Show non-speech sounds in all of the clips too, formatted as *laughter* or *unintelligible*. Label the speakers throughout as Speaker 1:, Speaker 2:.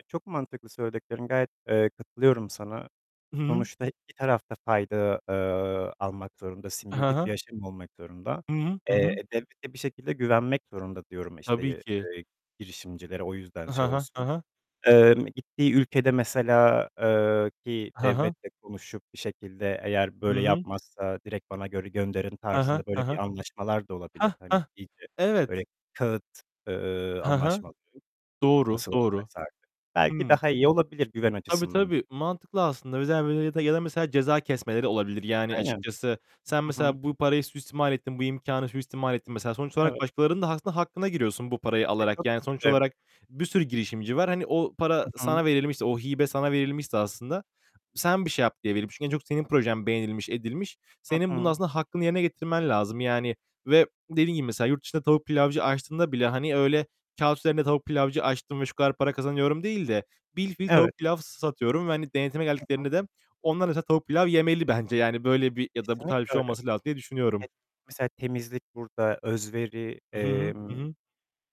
Speaker 1: E, çok mantıklı söylediklerin. Gayet, eee, katılıyorum sana.
Speaker 2: Hı hı.
Speaker 1: Sonuçta iki taraf da fayda, eee, almak zorunda,
Speaker 2: Ha
Speaker 1: simbiyotik bir
Speaker 2: ha.
Speaker 1: yaşam olmak zorunda.
Speaker 2: Hı hı. Hı hı.
Speaker 1: Eee, devlete bir şekilde güvenmek zorunda diyorum, işte,
Speaker 2: Tabii
Speaker 1: ye
Speaker 2: ki.
Speaker 1: eee, girişimcilere o yüzden
Speaker 2: Ha
Speaker 1: şey
Speaker 2: ha. Ha
Speaker 1: olsun.
Speaker 2: ha.
Speaker 1: Emm, gittiği ülkede mesela, eee, ki
Speaker 2: Ha ha.
Speaker 1: devletle konuşup bir şekilde eğer
Speaker 2: Hı
Speaker 1: böyle
Speaker 2: hı.
Speaker 1: yapmazsa direkt bana göre gönderin
Speaker 2: He he.
Speaker 1: tarzında,
Speaker 2: He
Speaker 1: böyle,
Speaker 2: he.
Speaker 1: bir anlaşmalar da olabilir.
Speaker 2: Heh!
Speaker 1: Hani
Speaker 2: Heh!
Speaker 1: iyice böyle
Speaker 2: Evet!
Speaker 1: kâğıt, eee,
Speaker 2: He he.
Speaker 1: anlaşmaları.
Speaker 2: Doğru.
Speaker 1: Nasıl
Speaker 2: Doğru.
Speaker 1: olacaksa artık. Belki
Speaker 2: Hımm.
Speaker 1: daha iyi olabilir güven
Speaker 2: Tabii,
Speaker 1: açısından.
Speaker 2: tabii. Mantıklı aslında. Mesela *unintelligible* gelen mesela ceza kesmeleri olabilir. Yani,
Speaker 1: Aynen.
Speaker 2: açıkçası sen
Speaker 1: Hı hı.
Speaker 2: mesela bu parayı suistimal ettin. Bu imkânı suistimal ettin mesela. Sonuç olarak
Speaker 1: Evet.
Speaker 2: başkalarının da aslında hakkına giriyorsun bu parayı
Speaker 1: E,
Speaker 2: alarak.
Speaker 1: tabii
Speaker 2: Yani
Speaker 1: ki
Speaker 2: sonuç
Speaker 1: de.
Speaker 2: olarak bir sürü girişimci var. Hani, o para
Speaker 1: I hı.
Speaker 2: sana verilmişti, o hibe sana verilmişse aslında, sen bir şey yap, diye verilmiş. En çok senin projen beğenilmiş, edilmiş.
Speaker 1: Hı
Speaker 2: Senin bunun
Speaker 1: hı.
Speaker 2: aslında hakkını yerine getirmen lazım, yani, ve dediğin gibi mesela yurt dışında tavuk pilavcı açtığında bile, hani öyle kâğıt üzerinde tavuk pilavcı açtım ve şu kadar para kazanıyorum değil de, bilfiil
Speaker 1: Evet.
Speaker 2: tavuk pilav satıyorum ve, hani, denetime
Speaker 1: Hı hı.
Speaker 2: geldiklerinde de onlar mesela tavuk pilav yemeli bence, yani, böyle, bir ya da bu tarz bir
Speaker 1: Kesinlikle
Speaker 2: şey
Speaker 1: öyle.
Speaker 2: olması lazım, diye düşünüyorum.
Speaker 1: *unintelligible* Mesela temizlik burada, özveri,
Speaker 2: I hı hı.
Speaker 1: emm,
Speaker 2: Hı hı.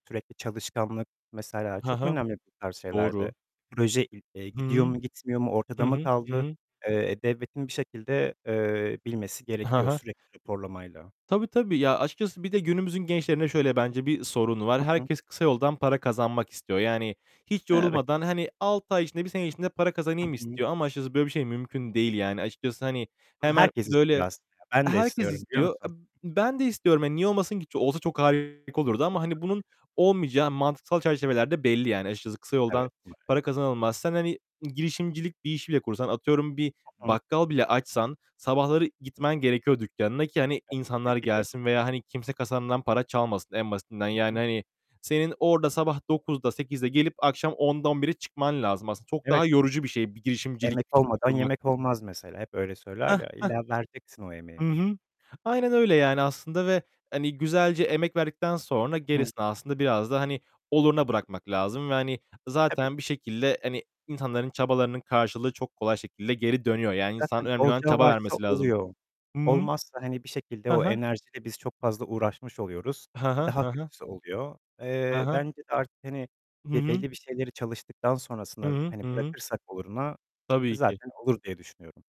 Speaker 1: sürekli çalışkanlık mesela
Speaker 2: Ha
Speaker 1: çok
Speaker 2: ha.
Speaker 1: önemli bu tarz şeylerde.
Speaker 2: Doğru.
Speaker 1: Proje i eee,
Speaker 2: Hı
Speaker 1: gidiyor
Speaker 2: hı.
Speaker 1: mu, gitmiyor mu?
Speaker 2: Hı
Speaker 1: Ortada mı
Speaker 2: hı, hı
Speaker 1: kaldı?
Speaker 2: hı.
Speaker 1: Eee, devletin bir şekilde, eee, bilmesi
Speaker 2: Ha
Speaker 1: gerekiyor
Speaker 2: ha.
Speaker 1: sürekli raporlamayla.
Speaker 2: Tabii, tabii. Ya, açıkçası bir de günümüzün gençlerinde şöyle bence bir sorun var.
Speaker 1: Hı hı.
Speaker 2: Herkes kısa yoldan para kazanmak istiyor. Yani hiç
Speaker 1: Evet.
Speaker 2: yorulmadan, hani, 6 ay içinde, 1 sene içinde para
Speaker 1: Hı
Speaker 2: kazanayım
Speaker 1: hı.
Speaker 2: istiyor. Ama açıkçası böyle bir şey mümkün değil, yani. Açıkçası, hani,
Speaker 1: Bunu
Speaker 2: hemen,
Speaker 1: herkes
Speaker 2: böyle,
Speaker 1: istiyor aslında ya! Ben de
Speaker 2: herkes
Speaker 1: istiyorum biliyor
Speaker 2: istiyor. E,
Speaker 1: musun?
Speaker 2: ben de istiyorum, hani, niye olmasın ki? Olsa çok harika olurdu
Speaker 1: E,
Speaker 2: ama, hani,
Speaker 1: tabii ki
Speaker 2: bunun
Speaker 1: de!
Speaker 2: olmayacağı mantıksal çerçeveler de belli, yani. Açıkçası kısa yoldan
Speaker 1: Evet,
Speaker 2: para
Speaker 1: maalesef.
Speaker 2: kazanılmaz. Sen, hani, girişimcilik bir işi bile kursan, atıyorum bir
Speaker 1: Hı hı.
Speaker 2: bakkal bile açsan sabahları gitmen gerekiyor dükkânına ki, hani,
Speaker 1: Ya, tabii
Speaker 2: insanlar
Speaker 1: ki de.
Speaker 2: gelsin veya, hani, kimse kasandan para çalmasın en basitinden.
Speaker 1: Hı
Speaker 2: Yani,
Speaker 1: hı.
Speaker 2: hani, senin orada sabah 9'da, 8'de gelip akşam 10'da, 11'de çıkman lazım aslında. Çok
Speaker 1: Evet.
Speaker 2: daha yorucu bir şey bir girişimcilik
Speaker 1: "Emek
Speaker 2: fikri
Speaker 1: olmadan
Speaker 2: kurmak.
Speaker 1: yemek olmaz." mesela, hep öyle
Speaker 2: Heh!
Speaker 1: söyler ya.
Speaker 2: Heh!
Speaker 1: İlla vereceksin o
Speaker 2: Hı
Speaker 1: emeği.
Speaker 2: hı. Aynen öyle, yani, aslında ve, hani, güzelce emek verdikten sonra
Speaker 1: Hı hı.
Speaker 2: gerisini aslında biraz da, hani, oluruna bırakmak lazım. Ve, hani,
Speaker 1: Tabii ki
Speaker 2: zaten bir
Speaker 1: de.
Speaker 2: şekilde, hani, insanların çabalarının karşılığı çok kolay şekilde geri dönüyor. Yani, insan
Speaker 1: Zaten
Speaker 2: önemli olan
Speaker 1: olacağı
Speaker 2: çaba
Speaker 1: varsa
Speaker 2: vermesi lazım.
Speaker 1: oluyor.
Speaker 2: Hı hı.
Speaker 1: Olmazsa, hani, bir şekilde
Speaker 2: Ha
Speaker 1: o
Speaker 2: ha.
Speaker 1: enerjiyle biz çok fazla uğraşmış oluyoruz.
Speaker 2: He
Speaker 1: E,
Speaker 2: he.
Speaker 1: daha
Speaker 2: He he.
Speaker 1: kötüsü oluyor.
Speaker 2: He
Speaker 1: Eee,
Speaker 2: he.
Speaker 1: bence de artık, hani,
Speaker 2: Hı
Speaker 1: be
Speaker 2: hı.
Speaker 1: belli bir şeyleri çalıştıktan
Speaker 2: Hı
Speaker 1: sonrasına,
Speaker 2: hı.
Speaker 1: hani,
Speaker 2: Hı hı.
Speaker 1: bırakırsak oluruna. E,
Speaker 2: Tabii ki!
Speaker 1: zaten olur, diye düşünüyorum.